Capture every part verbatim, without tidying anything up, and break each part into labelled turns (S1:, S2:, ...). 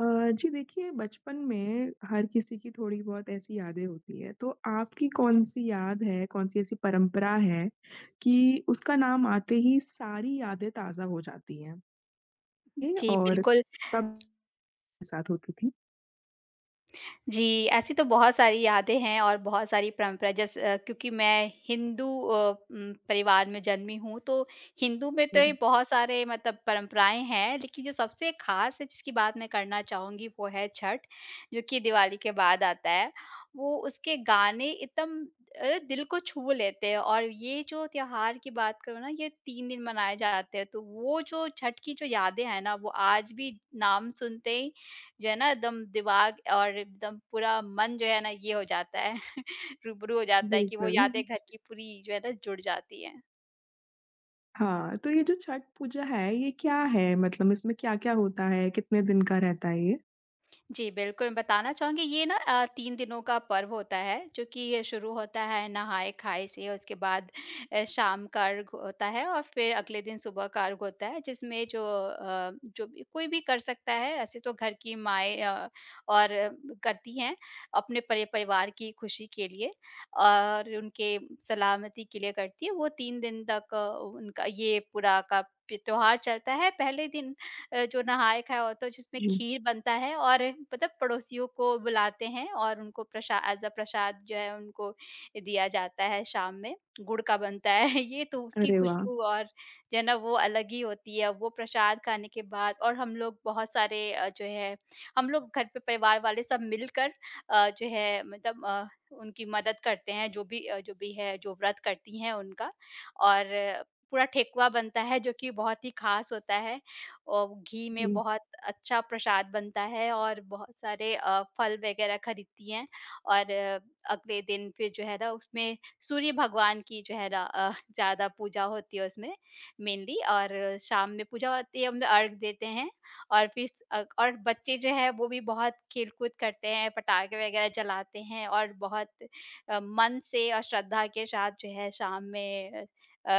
S1: अ, जी, देखिए बचपन में, हर किसी की थोड़ी बहुत ऐसी यादें होती हैं, तो आपकी कौन-सी याद है कौन-सी ऐसी परंपरा है कि उसका नाम आते ही सारी यादें ताज़ा हो जाती हैं? ए
S2: जी,
S1: और
S2: बिल्कुल।
S1: कम साथ होती थी।
S2: जी, ऐसी तो बहुत सारी यादें हैं और बहुत सारी परंपरा जैस अ, क्योंकि मैं हिंदू अ, उम, परिवार में जन्मी हूँ तो, हिंदू में तो ये
S1: जी।
S2: बहुत सारे मतलब परंपराएँ हैं, लेकिन जो सबसे ख़ास जिसकी बात मैं करना चाहूँगी वो है छठ, जो कि दिवाली के बाद आता है। वो उसके गाने इतम अ, दिल को छू लेते हैं और ये जो त्योहार की बात करूँ ना ये तीन दिन मनाए जाते हैं तो वो जो छठ की जो यादें हैं ना वो आज भी नाम सुनते ही जो है ना एकदम दिमाग और एकदम पूरा मन जो है ना ये हो जाता है। रूबरू हो जाता है कि वो यादें
S1: बिल्कुल।
S2: घर की पूरी जो है ना जुड़ जाती हैं।
S1: हाँ, तो ये जो छठ पूजा है ये क्या है? मतलब इसमें क्या-क्या होता है? कितने दिन का रहता है ये?
S2: जी, बिल्कुल, बताना चाहूँगी ये ना अ, तीन दिनों का पर्व होता है, जो कि ये शुरू होता है नहाए-खाए से, उसके बाद अ, शाम का अर्ग होता है और फिर अगले दिन सुबह का अर्ग होता है जिसमें जो अ, जो भी कोई भी कर सकता है, ऐसे तो घर की माँएँ अ, और करती हैं, अपने परिप परिवार की खुशी के लिए और उनके सलामती के लिए करती हैं, वो तीन दिन तक अ, उनका ये पूरा का पि त्योहार चलता है। पहले दिन अ, जो नहाए-खाए होता है जो उसमें
S1: जी।
S2: खीर बनता है और मतलब पड़ोसियों को बुलाते हैं और उनको प्रसा ऐज़ अ प्रसाद जो है उनको दिया जाता है शाम में, गुड़ का बनता है ये तो उसकी
S1: अरे वाह!
S2: खुशबू और जो है ना वो अलग ही होती है, वो प्रसाद खाने के बाद और हम लोग बहुत सारे अ, जो है हम लोग घर पे परिवार वाले सब मिलकर अ, जो है मतलब अ, उनकी मदद करते हैं जो भी अ, जो भी है, जो व्रत करती हैं उनका, और पूरा ठेकुआ बनता है जो कि बहुत ही खास होता है। और घी में
S1: हुँ।
S2: बहुत अच्छा प्रसाद बनता है और बहुत सारे अ, फल वगैरह खरीदती हैं और अगले दिन फिर जो है ना उसमें सूर्य भगवान की जो है रा अ, ज़्यादा पूजा होती है उसमें, मेनली। और शाम में पूजा होती है, हम लोग अर्ग देते हैं और फिर स अ, और बच्चे जो हैं वो भी बहुत खेल-खुद करते हैं, पटाखे वगैरह चलाते हैं और बहुत अ, मन से अ, श्रद्धा के साथ जो है शाम में अ अ,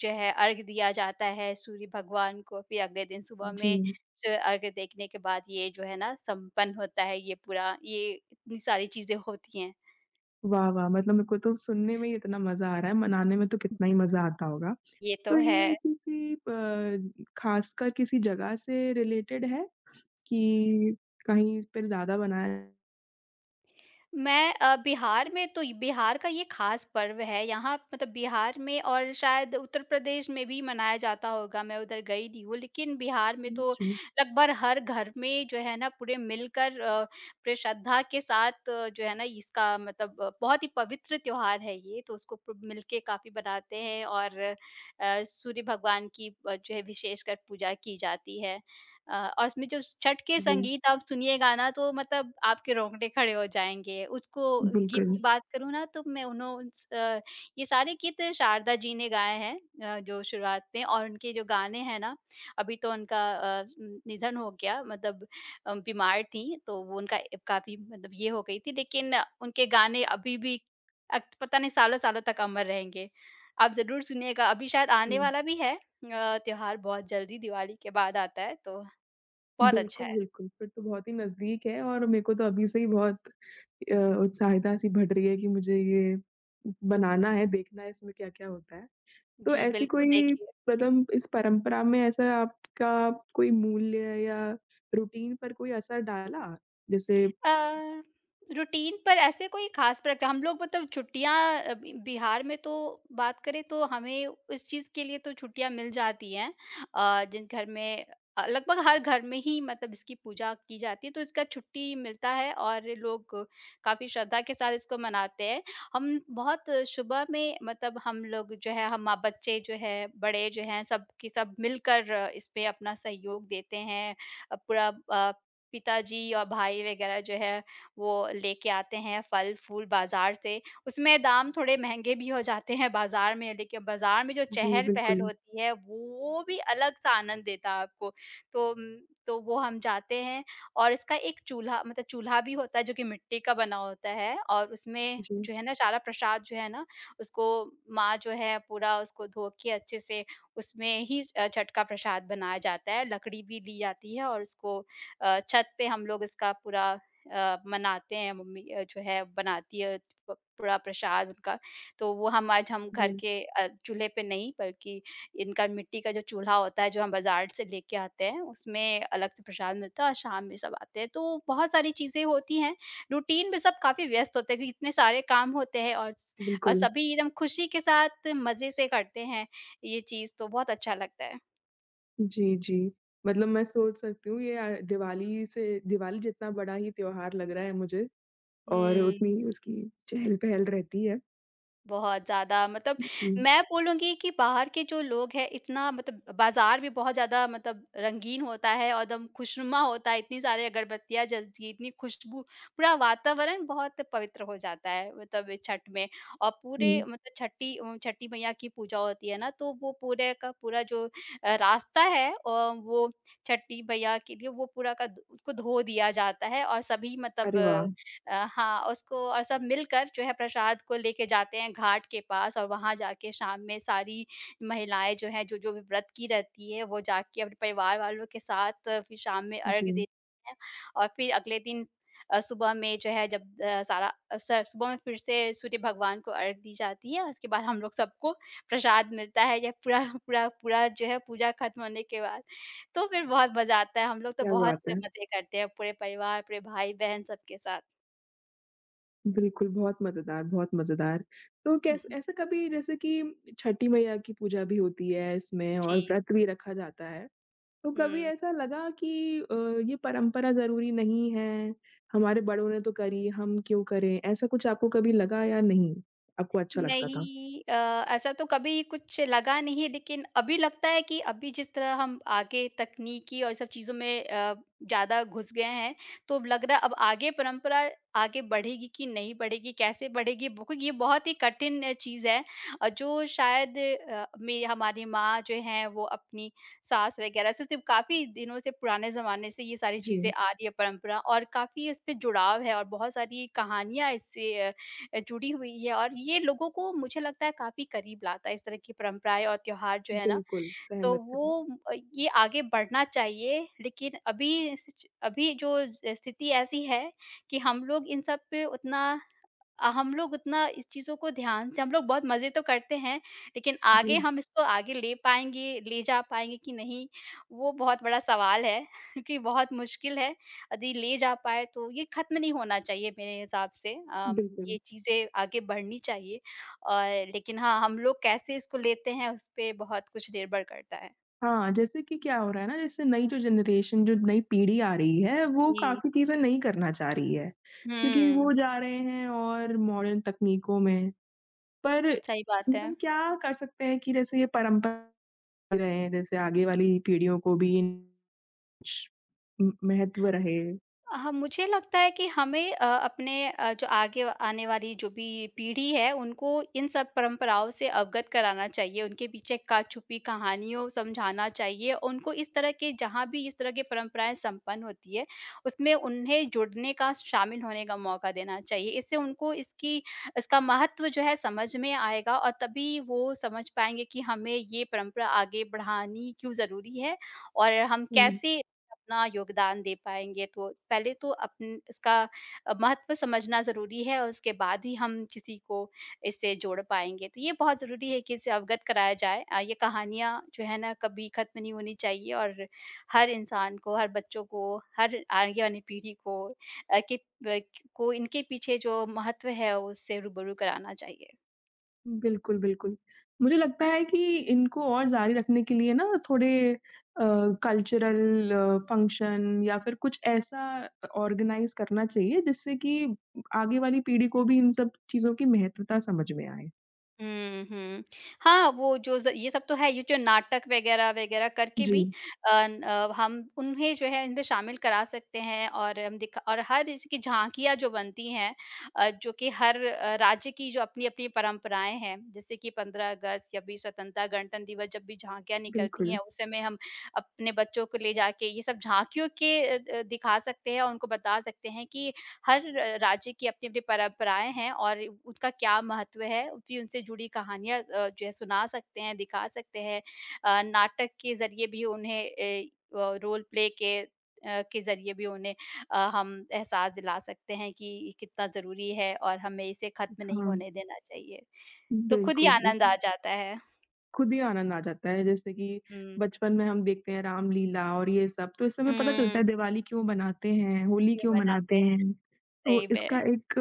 S2: जो है अर्ग दिया जाता है सूर्य भगवान को फिर अगले दिन सुबह में
S1: जी।
S2: जो अर्ग देखने के बाद ये जो है ना संपन्न होता है ये पूरा, ये इतनी सारी चीज़ें होती हैं।
S1: वाह, वाह! मतलब मेरे को तो सुनने में ही इतना मज़ा आ रहा है, मनाने में तो कितना
S2: जी।
S1: ही मज़ा आता होगा।
S2: ये तो
S1: तो
S2: है।
S1: ये किसी अ, ख़ासकर किसी जगह से रिलेटेड है, कि कहीं इस पे ज़्यादा मनाया
S2: मैं अ, बिहार में तो इ बिहार का ये ख़ास पर्व है, यहाँ मतलब बिहार में और शायद उत्तर प्रदेश में भी मनाया जाता होगा। मैं उधर गई नहीं हूँ, लेकिन बिहार में
S1: हुँ,
S2: तो
S1: जी।
S2: लगभग हर घर में जो है ना पूरे मिलकर अ, पूरे श्रद्धा के साथ जो है ना इसका मतलब बहुत ही पवित्र त्योहार है ये, तो उसको प मिलके काफ़ी बनाते हैं और अ, सूर्य भगवान की अ, जो है विशेषकर पूजा की जाती है। अ, और उसमें जो स छठ के
S1: जी।
S2: संगीत आप सुनिएगा ना, तो मतलब आपके रौंगटे खड़े हो जाएँगे। उसको गीत की
S1: बिल्कुल।
S2: बात करूँ ना, तो मैं उन्हों उनस अ, ये सारे गीत शारदा जी ने गाए हैं। अ, जो शुरुआत में और उनके जो गाने हैं ना अभी तो उनका अ, न निधन हो गया मतलब अ, बीमार थी, तो वो उनका अब काफ़ी मतलब ये हो गई थी। लेकिन उनके गाने अभी भी अट पता नहीं सालों-सालों तक अमर रहेंगे। आप ज़रूर सुनिएगा, अभी शायद आने
S1: हुँ।
S2: वाला भी है अ, त्योहार बहुत जल्दी, दिवाली के बाद आता है, तो बहुत अच्छा
S1: बिल्कुल,
S2: है।
S1: बिल्कुल। फिर तो बहुत ही नज़दीक है और मेरे को तो अभी से ही बहुत अ, उत्साहिता-सी बढ़ रही है कि मुझे ये बनाना है, देखना है, इसमें क्या-क्या होता है। तो
S2: जी,
S1: ऐसी
S2: बिल्कुल,
S1: कोई
S2: देखिए
S1: पदम इस परंपरा में ऐसा आपका कोई मूल्य या रूटीन पर कोई असर डाला? जैसे
S2: अ, रूटीन पर ऐसे कोई खास प्रक हम लोग मतलब छुट्टियाँ अ, ब बिहार में तो बात करें, तो हमें इस चीज़ के लिए तो छुट्टियाँ मिल जाती हैं। अ, जिन घर में अ अ, लगभग हर घर में ही मतलब इसकी पूजा की जाती है, तो इसका छुट्टी मिलता है और लोग काफ़ी श्रद्धा के साथ इसको मनाते हैं। हम बहुत सुबह में मतलब हम लोग जो हैं, हम माँ-बच्चे जो हैं, बड़े जो हैं, सब की सब मिलकर इसपे अपना सहयोग देते हैं। अ, पूरा अ, पिताजी और भाई वगैरह जो हैं, वो लेके आते हैं फल-फूल बाज़ार से। उसमें दाम थोड़े महँगे भी हो जाते हैं बाज़ार में, देखिए बाज़ार में जो
S1: जी,
S2: चहल-पहल
S1: बिल्कुल।
S2: होती है, वो भी अलग-सा आनंद देता आपको। तो अम, तो वो हम जाते हैं, और इसका एक चूल्हा मतलब चूल्हा भी होता है जो कि मिट्टी का बना होता है, और उसमें
S1: जी।
S2: जो है ना सारा प्रसाद जो है ना, उसको माँ जो है पूरा उसको धो के अच्छे से उसमें ही छ अ, छठ का प्रसाद बनाया जाता है। लकड़ी भी दी जाती है और उसको अ, छत पे हम लोग इसका पूरा अ, मनाते हैं, मम्मी अ, जो है बनाती हैं प पूरा प्रसाद उनका। तो वो हमारा ज हम घर
S1: हुँ।
S2: के अ, चूल्हे पे नहीं, बल्कि इनका मिट्टी का जो चूल्हा होता है जो हम बाज़ार से लेके आते हैं, उसमें अलग से प्रसाद मिलता है और शाम में सब आते हैं। तो बहुत सारी चीज़ें होती हैं, रूटीन भी सब काफ़ी व्यस्त होते हैं क्योंकि इतने सारे काम होते हैं और स अ,
S1: बिल्कुल।
S2: सभी एकदम खुशी के साथ मज़े से करते हैं ये चीज़, तो बहुत अच्छा लगता है।
S1: जी, जी। मतलब मैं सोच सकती हूँ, ये अ, दिवाली से दिवाली जितना बड़ा ही त्योहार लग रहा है मुझे। और
S2: हुँ।
S1: उतनी ही उसकी चहल-पहल रहती है।
S2: बहुत ज़्यादा, मतलब
S1: जी।
S2: मैं बोलूँगी कि बाहर के जो लोग हैं इतना मतलब बाज़ार भी बहुत ज़्यादा मतलब रंगीन होता है और एकदम खुशनुमा होता है, इतनी सारे अगरबत्तियाँ जलतीं, इतनी खुशबू, पूरा वातावरण बहुत पवित्र हो जाता है मतलब अ, छठ में। और पूरे
S1: हुँ।
S2: मतलब छठी अम, छठी मैया की पूजा होती है ना, तो वो पूरे का पूरा जो अ, रास्ता है अ, वो छठी मैया के लिए, वो पूरा का दु उसको धो दिया जाता है, और सभी मतलब
S1: अरे
S2: अ,
S1: वाह!
S2: अ हाँ, और उसको और सब मिलकर जो है प्रसाद को लेके जाते हैं घाट के पास, और वहाँ जाके शाम में सारी महिलाएँ जो हैं, जो-जो भी व्रत की रहती हैं, वो जाके अपने परिवार वालों के साथ फिर शाम में अर्घ
S1: जी।
S2: देती हैं। और फिर अगले दिन अ, सुबह में जो है जब अ, सारा अ, स सुबह में फिर से सूर्य भगवान को अर्घ दी जाती है। उसके बाद हम लोग सबको प्रसाद मिलता है, या पूरा पूरा पूरा जो है पूजा खत्म होने के बाद। तो फिर बहुत मज़ा आता है, हम लोग तो
S1: क्या
S2: बहुत
S1: बात है।
S2: मज़े करते हैं पूरे परिवार, पूरे भाई-बहन, सबके साथ।
S1: बिल्कुल, बहुत मज़ेदार, बहुत मज़ेदार। तो
S2: हुँ,
S1: कैस
S2: हुँ।
S1: ऐसा कभी जैसे कि उम छठी मईया की पूजा भी होती है इसमें, और
S2: जी।
S1: व्रत भी रखा जाता है, तो कभी
S2: हुँ।
S1: ऐसा लगा कि अ, ये परंपरा ज़रूरी नहीं है, हमारे बड़ों ने तो करी हम क्यों करें, ऐसा कुछ आपको कभी लगा या नहीं? आपको अच्छा लगता था?
S2: नहीं अ, ऐसा तो कभी कुछ लगा नहीं है लेकिन अभी लगता है कि अभी जिस तरह हम आगे तकनीकी और ये सब चीज़ों में अ, ज़्यादा घुस गए हैं, तो अब लग रहा है अब आगे परंपरा आगे बढ़ेगी कि नहीं बढ़ेगी, कैसे बढ़ेगी, वो ये बहुत ही कठिन चीज़ है। और जो शायद अ, में हमारी माँ जो हैं वो अपनी सास वगैरह से तो काफ़ी दिनों से पुराने ज़माने से ये सारी चीज़ें
S1: जी।
S2: आ रही है परंपरा और काफ़ी उसपे जुड़ाव है, और बहुत सारी कहानियाँ इससे अ, जुड़ी हुई है और ये लोगों को मुझे लगता है काफ़ी करीब लाता है इस तरह की परंपराएँ और त्योहार जो है ना,
S1: बिल्कुल,
S2: तो
S1: सहमत हूँ।
S2: वो अ, ये आगे बढ़ना चाहिए लेकिन अभी इस च अभी जो जैस स्थिति ऐसी है कि हम लोग इन सब पे उतना अ, हम लोग उतना इस चीज़ों को ध्यान से हम लोग बहुत मज़े तो करते हैं, लेकिन आगे
S1: जी।
S2: हम इसको आगे ले पाएँगे ले जा पाएँगे कि नहीं वो बहुत बड़ा सवाल है, क्योंकि बहुत मुश्किल है। अदी ले जा पाएँ तो ये खत्म नहीं होना चाहिए मेरे हिसाब से अम,
S1: बिल्कुल।
S2: ये चीज़ें आगे बढ़नी चाहिए और लेकिन हाँ, हम लोग कैसे इसको लेते हैं उसपे बहुत कुछ निर्भर करता है।
S1: हाँ, जैसे कि क्या हो रहा है ना जैसे नई जो जनरेशन जो नई पीढ़ी आ रही है, वो
S2: जी।
S1: काफ़ी चीज़ें नहीं करना चाह रही है। क्योंकि
S2: हुँ।
S1: वो जा रहे हैं और मॉडर्न तकनीकों में। पर
S2: सही बात
S1: मतलब
S2: है।
S1: हम क्या कर सकते हैं कि जैसे ये परंपरा [unintelligible] रहे हैं जैसे आगे वाली पीढ़ियों को भी इन श उम, महत्व रहे।
S2: अ, हाँ, मुझे लगता है कि हमें अ, अपने अ, जो आगे आने वाली जो भी पीढ़ी है, उनको इन सब परंपराओं से अवगत कराना चाहिए, उनके पीछे का छुपी कहानियों समझाना चाहिए, उनको इस तरह के जहाँ भी इस तरह की परंपराएँ संपन्न होती हैं, उसमें उन्हें जुड़ने का, शामिल होने का मौका देना चाहिए, इससे उनको इसकी इसका महत्व जो है समझ में आएगा और तभी वो समझ पाएँगे कि हमें ये परंपरा आगे बढ़ानी क्यों ज़रूरी है? और हम
S1: हुँ।
S2: कैसे अपना योगदान दे पाएँगे तो, पहले तो अपन इसका अ, महत्व समझना ज़रूरी है और उसके बाद ही हम किसी को इससे जोड़ पाएँगे, तो ये बहुत ज़रूरी है कि इससे अवगत कराया जाए अ, ये कहानियाँ जो हैं ना कभी खत्म नहीं होनी चाहिए और हर इंसान को, हर बच्चों को, हर आगे आने पीढ़ी को अ, कि ब को इनके पीछे जो महत्व है उससे रूबरू कराना चाहिए।
S1: बिल्कुल, बिल्कुल, मुझे लगता है कि इनको और जारी रखने के लिए ना थोड़े अ, कल्चरल फ़ंक्शन या फिर कुछ ऐसा अ, ऑर्गेनाइज़ करना चाहिए जिससे कि आगे वाली पीढ़ी को भी इन सब चीज़ों की महत्वता समझ में आए।
S2: हुँ, हुँ, हाँ, वो जो ज ये सब तो है, ये जो नाटक वगैरह-वगैरह करके भी
S1: जी।
S2: अ, ना अ, हम उन्हें जो है इनमें शामिल करा सकते हैं और हम दिख और हर इसकी झाँकियाँ जो बनती हैं अ, जो कि हर अ, राज्य की जो अपनी-अपनी परंपराएँ हैं, जैसे कि पंद्रह अगस्त, छब्बीस स्वतंत्रता गणतंत्र दिवस, जब भी झाँकियाँ निकलती हैं,
S1: बिल्कुल।
S2: उस समय हम अपने बच्चों को ले जाके ये सब झाँकियों के अ अ, दिखा सकते हैं और उनको बता सकते हैं कि हर र राज्य की अपनी-अपनी परंपराएँ हैं और उनका क्या महत्व है, उनकी उनसे जुड़ी कहानियाँ अ, जो है सुना सकते हैं, दिखा सकते हैं अ, नाटक के ज़रिए भी उन्हें अ, वो रोल प्ले के अ, के ज़रिए भी उन्हें अ, हम एहसास दिला सकते हैं कि ये कितना ज़रूरी है और हमें इसे खत्म नहीं
S1: हाँ।
S2: होने देना चाहिए,
S1: हुँ,
S2: तो खुद ही
S1: बिल्कुल,
S2: आनंद आ
S1: बिल्क
S2: जाता है।
S1: खुद ही आनंद आ जाता है जैसे कि,
S2: हुँ।
S1: बचपन में हम देखते हैं रामलीला और ये सब, तो इस से हमें पता
S2: हुँ।
S1: चलता है दिवाली क्यों मनाते हैं, होली
S2: ये
S1: क्यों
S2: मनाते
S1: मनाते
S2: हैं,
S1: हैं? तो
S2: सही
S1: इसका
S2: में।
S1: एक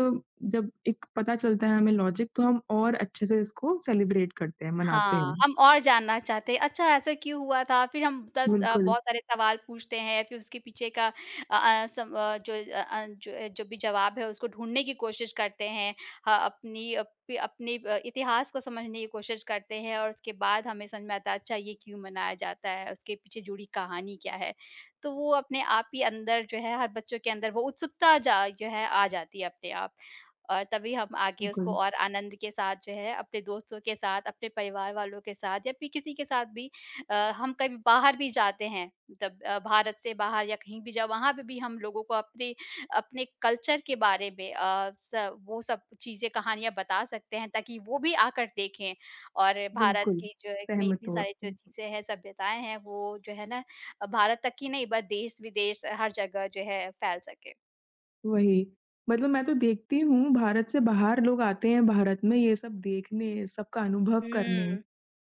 S1: जब एक पता चलता है हमें लॉजिक तो हम और अच्छे से इसको सेलिब्रेट करते हैं, मनाते
S2: हाँ,
S1: हैं।
S2: हम और जानना चाहते हैं अच्छा ऐसा क्यों हुआ था, फिर हम दस अ,
S1: बिल्कुल।
S2: बहुत सारे सवाल पूछते हैं, फिर उसके पीछे का अ अ, सम अ, जो अ अ, जो अ, जो भी जवाब है उसको ढूँढने की कोशिश करते हैं। हाँ, अपनी अप अपने अ, इतिहास को समझने की कोशिश करते हैं और उसके बाद हमें समझ में आता है अच्छा ये क्यों मनाया जाता है, उसके पीछे जुड़ी कहानी क्या है। तो वो अपने आप ही अंदर जो है हर बच्चों के अंदर वो उत्सुकता जा जो है आ जाती है अपने आप और तभी हम आगे उसको
S1: बिल्कुल।
S2: और आनंद के साथ जो है अपने दोस्तों के साथ, अपने परिवार वालों के साथ या फिर किसी के साथ भी अ, हम कभी बाहर भी जाते हैं, तब अ, भारत से बाहर या कहीं भी, जब वहाँ पे भी हम लोगों को अपनी अपने कल्चर के बारे में अ, स वो सब चीज़ें कहानियाँ बता सकते हैं ताकि वो भी आकर देखें और भारत
S1: बिल्कुल,
S2: की जो एक में
S1: सहमत
S2: इतनी
S1: हूँ
S2: सारी जो
S1: आपसे।
S2: चीज़ें हैं, सभ्यताएँ हैं, वो जो है ना अ, भारत तक ही नहीं बट देश-विदेश हर जगह जो है फैल सके।
S1: वही। मतलब मैं तो देखती हूँ भारत से बाहर लोग आते हैं भारत में ये सब देखने सबका अनुभव करने,
S2: हुँ,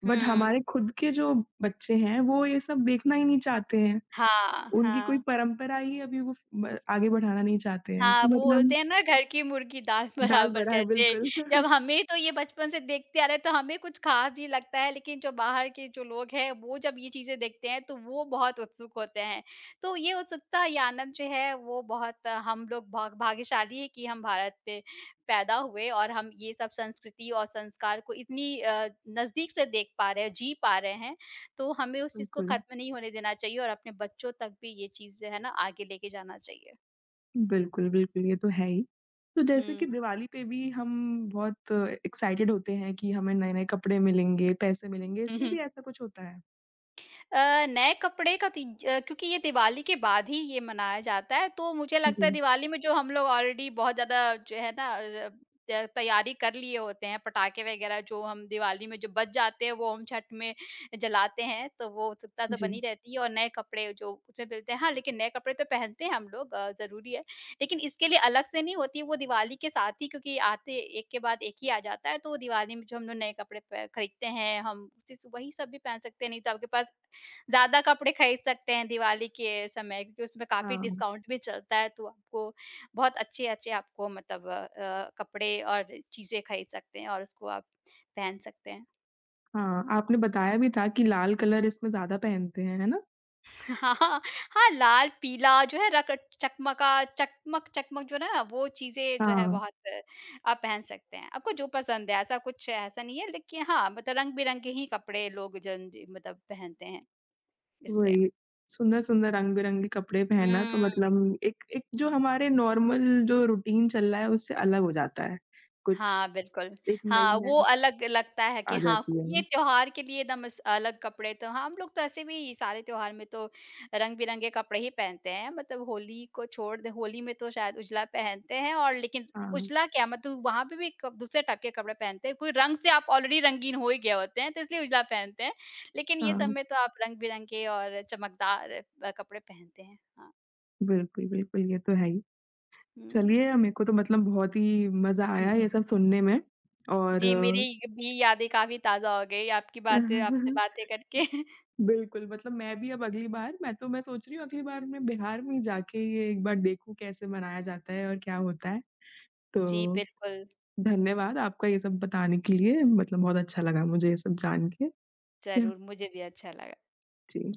S1: बट
S2: हुँ।
S1: हमारे खुद के जो बच्चे हैं, वो ये सब देखना ही नहीं चाहते हैं।
S2: हाँ,
S1: उनकी कोई
S2: हाँ।
S1: परंपरा ही है अभी वो फ़ ब आगे बढ़ाना नहीं चाहते हैं।
S2: हाँ,
S1: तो
S2: वो
S1: मतलब
S2: बोलते हैं ना घर की मुर्गी दाल
S1: दाल
S2: बराबर
S1: बराबर
S2: जैसे
S1: बिल्कुल।
S2: जब हमें तो ये बचपन से देखते आ रहे हैं, तो हमें कुछ ख़ास नहीं लगता है लेकिन जो बाहर के जो लोग हैं वो जब ये चीज़ें देखते हैं तो वो बहुत उत्सुक होते हैं। तो ये उत्सुकता ये आनंद जो है, वो बहुत हम लोग भाग भाग्यशाली हैं कि हम भारत पे पैदा हुए और हम ये सब संस्कृति और संस्कार को इतनी अ, नज़दीक से देख पा रहे हैं, जी पा रहे हैं। तो हमें उस चीज़ को
S1: बिल्कुल।
S2: ख़त्म नहीं होने देना चाहिए और अपने बच्चों तक भी ये चीज़ जो है ना आगे लेके जाना चाहिए।
S1: बिल्कुल, बिल्कुल, ये तो है ही। तो जैसे
S2: हुँ।
S1: कि दिवाली पे भी हम बहुत एक्साइटेड होते हैं कि हमें नए-नए कपड़े मिलेंगे, पैसे मिलेंगे
S2: हुँ,
S1: इसमें
S2: हुँ।
S1: भी ऐसा कुछ होता है?
S2: अ, नए कपड़े का तीज अ, क्योंकि ये दिवाली के बाद ही ये मनाया जाता है। तो मुझे लगता है
S1: जी।
S2: दिवाली में जो हम लोग ऑलरेडी बहुत ज़्यादा जो है ना अ अब, त तैयारी कर लिए होते हैं, पटाखे वग़ैरह जो हम दिवाली में जो बज जाते हैं वो हम, छठ में जलाते हैं तो वो उत्सुकता तो बनी
S1: जी।
S2: रहती है और नए कपड़े जो कुछ मिलते हैं हाँ, लेकिन नए कपड़े तो पहनते हैं हम लोग अ, ज़रूरी है। लेकिन इसके लिए अलग से नहीं होती वो दिवाली के साथ ही क्योंकि आते एक के बाद एक ही आ जाता है। तो वो दिवाली में जो हम लोग नए कपड़े पे खरीदते हैं हम उससे स वही सब भी पहन सकते हैं नहीं तो आपके पास ज़्यादा कपड़े खरीद सकते हैं, दिवाली के समय क्योंकि उसमें काफ़ी
S1: हाँ।
S2: डिस्काउंट भी चलता है तो आपको बहुत अच्छे-अच्छे आपको मतलब अ अ, कपड़े और चीज़ें खरीद सकते हैं और उसको आप पहन सकते हैं।
S1: हाँ, आपने बताया भी था कि लाल कलर इसमें ज़्यादा पहनते हैं, है ना?
S2: हाँ, लाल-पीला जो है रक्त चकमा का चकमक-चकमक जो है ना वो चीज़ें जो है
S1: हाँ।
S2: बहुत आप पहन सकते हैं। आपको जो पसंद है ऐसा कुछ ऐसा नहीं है लेकिन हाँ मतलब रंग-बिरंगे ही कपड़े लोग जन मतलब पहनते हैं, इसलिए।
S1: वही। सुंदर-सुंदर रंग-बिरंगे कपड़े पहनना तो
S2: हुँ।
S1: मतलब एक एक जो हमारे नॉर्मल जो रूटीन चल रहा है उससे अलग हो जाता है। कुछ
S2: हाँ बिल्कुल।
S1: एक
S2: हाँ वो
S1: नई-नई स
S2: अलग लगता है कि हाँ
S1: आजाती
S2: ये
S1: है।
S2: त्योहार के लिए दम स अलग कपड़े तो हम लोग तो ऐसे भी सारे त्योहार में तो रंग-बिरंगे कपड़े ही पहनते हैं मतलब होली को छोड़ दें होली में तो शायद उजला पहनते हैं और लेकिन
S1: हाँ।
S2: उजला क्या है मतलब वहाँ पे भी क दूसरे टाइप के कपड़े पहनते हैं कोई रंग से आप ऑलरेडी रंगीन हो ही गया होते हैं तो इसलिए उजला पहनते हैं। लेकिन ये
S1: हाँ।
S2: समय तो आप रंग-बिरंगे और चमकदार अ, कपड़े पहनते हैं। हाँ।
S1: बिल्कुल, बिल्कुल। ये तो है ही।
S2: हुँ।
S1: चलिए, मेरे को तो मतलब बहुत ही मज़ा आया ये सब सुनने में। और
S2: जी मेरी ये भी यादें काफ़ी ताज़ा हो गई आपकी
S1: हुँ,
S2: बातें
S1: हुँ, हुँ,
S2: आपसे
S1: हुँ।
S2: बातें करके।
S1: बिल्कुल, मतलब मैं भी अब अगली बार मैं तो मैं सोच रही हूँ अगली बार मैं बिहार में जाके ये एक बार देखूँ कैसे मनाया जाता है और क्या होता है।
S2: जी,
S1: तो
S2: बिल्कुल।
S1: धन्यवाद आपका ये सब बताने के लिए मतलब बहुत अच्छा लगा मुझे ये सब जान के। क्या?
S2: ज़रूर, मुझे भी अच्छा लगा।
S1: जी।